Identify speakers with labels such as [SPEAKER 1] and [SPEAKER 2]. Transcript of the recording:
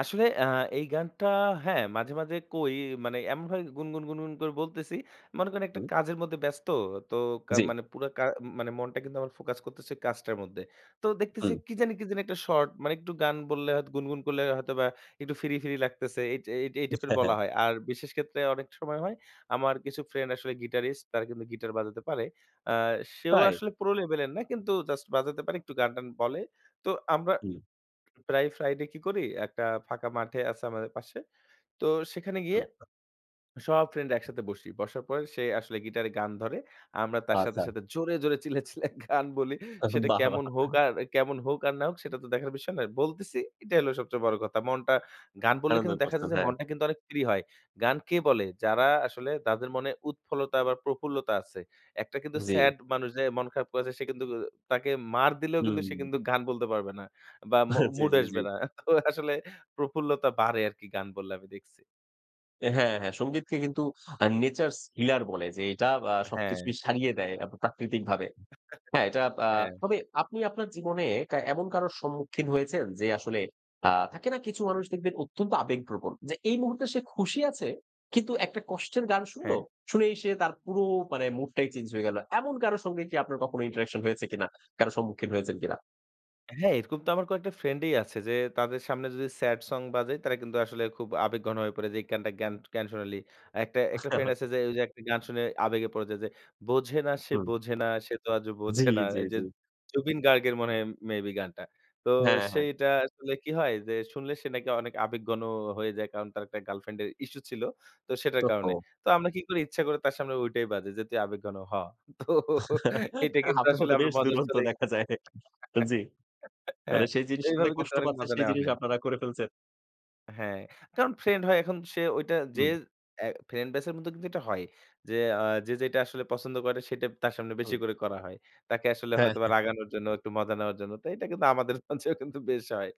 [SPEAKER 1] আসলে অ্যা এই গানটা হ্যাঁ মাঝে, মাঝে কই, মানে এমনভাবে গুনগুন, গুনগুন করে বলতেছি। মনে করেন একটা
[SPEAKER 2] হুম।
[SPEAKER 1] কাজের মধ্যে ব্যস্ত। তো কা
[SPEAKER 2] জ্বী।
[SPEAKER 1] মানে পুরো কা মানে ম মনটা কিন্তু আমার ফোকাস করতেছে কাজটার মধ্যে। তো দেখতেছি
[SPEAKER 2] হুম।
[SPEAKER 1] কি জানি কি জানি একটা শর্ট, মানে একটু গান বললে হয়তো গুনগুন করলে হয়তো বা একটু ফ্রি, ফ্রি লাগতেছে। এই টাই এই টাইপের
[SPEAKER 2] হ্যাঁ, হ্যাঁ।
[SPEAKER 1] বলা হয়। আর বিশেষ ক্ষেত্রে অনেক সময় হয়। আমার কিছু ফ্রেন্ড আসলে গিটারিস্ট। তারা কিন্তু গিটার বাজাতে পারে। আ সেও
[SPEAKER 2] তাই?
[SPEAKER 1] আসলে প্রো লেভেলের না, কিন্তু জাস্ট বাজাতে পারে একটু গান-টান বলে। তো, আমরা
[SPEAKER 2] হুম।
[SPEAKER 1] প্রায় ফ্রাইডে কি করি? একটা ফাঁকা মাঠে আছে আমাদের পাশে। তো সেখানে গিয়ে
[SPEAKER 2] আচ্ছা।
[SPEAKER 1] সব ফ্রেন্ডরা একসাথে বসি। বসার পর সে আসলে গিটারে গান ধরে। আমরা তার সাথে,
[SPEAKER 2] আচ্ছা।
[SPEAKER 1] সাথে জোরে, জোরে চিল্লাইয়া, চিল্লাইয়া গান বলি।
[SPEAKER 2] [unintelligible]
[SPEAKER 1] সেটা
[SPEAKER 2] বাহ!
[SPEAKER 1] কেমন হোক
[SPEAKER 2] বাহ!
[SPEAKER 1] আর কেমন হোক আর না হোক সেটা তো দেখার বিষয় নয়। বলতেছি এটাই হলো সবচেয়ে বড় কথা। মনটা, গান বললে
[SPEAKER 2] আনন্দ
[SPEAKER 1] কিন্তু দেখা
[SPEAKER 2] করতেন,
[SPEAKER 1] যায় যে,
[SPEAKER 2] হ্যাঁ।
[SPEAKER 1] মনটা কিন্তু অনেক ফ্রি হয়। গান কে বলে? যারা আসলে তাদের মনে উৎফলতা বা প্রফুল্লতা আছে। একটা কিন্তু
[SPEAKER 2] জ্বী।
[SPEAKER 1] স্যাড মানুষ যে মন খারাপ করেছে, সে কিন্তু অ তাকে মার দিলেও কিন্তু সে
[SPEAKER 2] হুম।
[SPEAKER 1] কিন্তু গান বলতে পারবে না। বা মু
[SPEAKER 2] জ্বী,
[SPEAKER 1] মুড
[SPEAKER 2] জ্বী, জ্বী।
[SPEAKER 1] আসবে না। তো আসলে প্রফুল্লতা বাড়ে আরকি গান বললে আমি দেখছি।
[SPEAKER 2] এ হ্যাঁ, হ্যাঁ। সঙ্গীতকে কিন্তু নেচারস হিলার বলে যে, আ এটা
[SPEAKER 1] হ্যাঁ।
[SPEAKER 2] সবকিছুকেই সারিয়ে দেয় আব প্রাকৃতিকভাবে। হ্যাঁ, এটা আ
[SPEAKER 1] হ্যাঁ।
[SPEAKER 2] তবে আপনি আপনার জীবনে কা এমন কারোর সম্মুখীন হয়েছেন? যে আসলে আ থাকে না? কিছু মানুষ দেখবেন অত্যন্ত আবেগপ্রবণ। যে এই মুহূর্তে সে খুশি আছে, কিন্তু একটা কষ্টের গান শুনল।
[SPEAKER 1] হ্যাঁ।
[SPEAKER 2] শুনেই সে তার পুরো মানে মুডটাই চেঞ্জ হয়ে গেল। এমন কারো সঙ্গে কি আপনার কখনো ইন্টারেকশন হয়েছে কিনা? কারো সম্মুখীন হয়েছেন কিনা?
[SPEAKER 1] হ্যাঁ, এরকম তো আমার কয়েকটা ফ্রেন্ড ই আছে, যে তাদের সামনে যদি স্যাড সং বাজাই, তারা কিন্তু আসলে খুব আবেগ ঘন হয়ে পড়ে। যে এই গানটা কেন, কেন শোনালি? একটা, একটা ফ্রেন্ড আছে
[SPEAKER 2] আচ্ছা।
[SPEAKER 1] যে, ওই যে একটা গান শুনে আবেগে পড়ে যায় যে, বোঝে না সে
[SPEAKER 2] হুম।
[SPEAKER 1] বোঝে না, সে তো আজও
[SPEAKER 2] জ্বী,
[SPEAKER 1] বোঝে না।
[SPEAKER 2] জ্বী,
[SPEAKER 1] এই যে
[SPEAKER 2] জ্বী।
[SPEAKER 1] জুবিন গার্গের মনে হয় মে বি গানটা। তো
[SPEAKER 2] হ্যাঁ, হ্যাঁ।
[SPEAKER 1] সেইটা আসলে কি হয় যে শুনলে সে নাকি অনেক আবেগঘন হয়ে যায়, কারণ তার একটা গার্লফ্রেন্ডের ইশ্যু ছিল। তো সেটার
[SPEAKER 2] তো
[SPEAKER 1] কারণে।
[SPEAKER 2] হো।
[SPEAKER 1] তো আমরা কি করি, ইচ্ছা করে তার সামনে ঐটাই বাজাই যে, তুই আবেগঘন হ। তো এটা কিন্তু আসলে
[SPEAKER 2] আপনারাতো
[SPEAKER 1] আমরা
[SPEAKER 2] বেশ
[SPEAKER 1] মজার
[SPEAKER 2] দুরন্ত
[SPEAKER 1] ছলে
[SPEAKER 2] দেখা যায়। জ্বি। তাহলে
[SPEAKER 1] হ্যাঁ,
[SPEAKER 2] সেই জিনিসটাতে
[SPEAKER 1] এইভাবে কিন্তু
[SPEAKER 2] কষ্ট
[SPEAKER 1] অনেক
[SPEAKER 2] পাচ্ছে
[SPEAKER 1] মজা
[SPEAKER 2] সেই
[SPEAKER 1] নেয়া
[SPEAKER 2] জিনিস
[SPEAKER 1] হয়।
[SPEAKER 2] আপনারা করে ফেলছেন।
[SPEAKER 1] হ্যাঁ, কারণ ফ্রেন্ড হয় এখন সে ওইটা যে
[SPEAKER 2] হুম।
[SPEAKER 1] অ্যা ফ্রেন্ড ব্যাচের মধ্যে কিন্তু এটা হয়ই। যে আ যে যেটা আসলে পছন্দ করে, সেটা তার সামনে বেশি
[SPEAKER 2] হুম।
[SPEAKER 1] করে করা হয়। তাকে আসলে
[SPEAKER 2] হ্যাঁ,
[SPEAKER 1] হয়তোবা
[SPEAKER 2] হ্যাঁ।
[SPEAKER 1] রাগানোর জন্য একটু মজা নেওয়ার জন্য। তো এটা কিন্তু আমাদের মাঝেও কিন্তু বেশ হয়।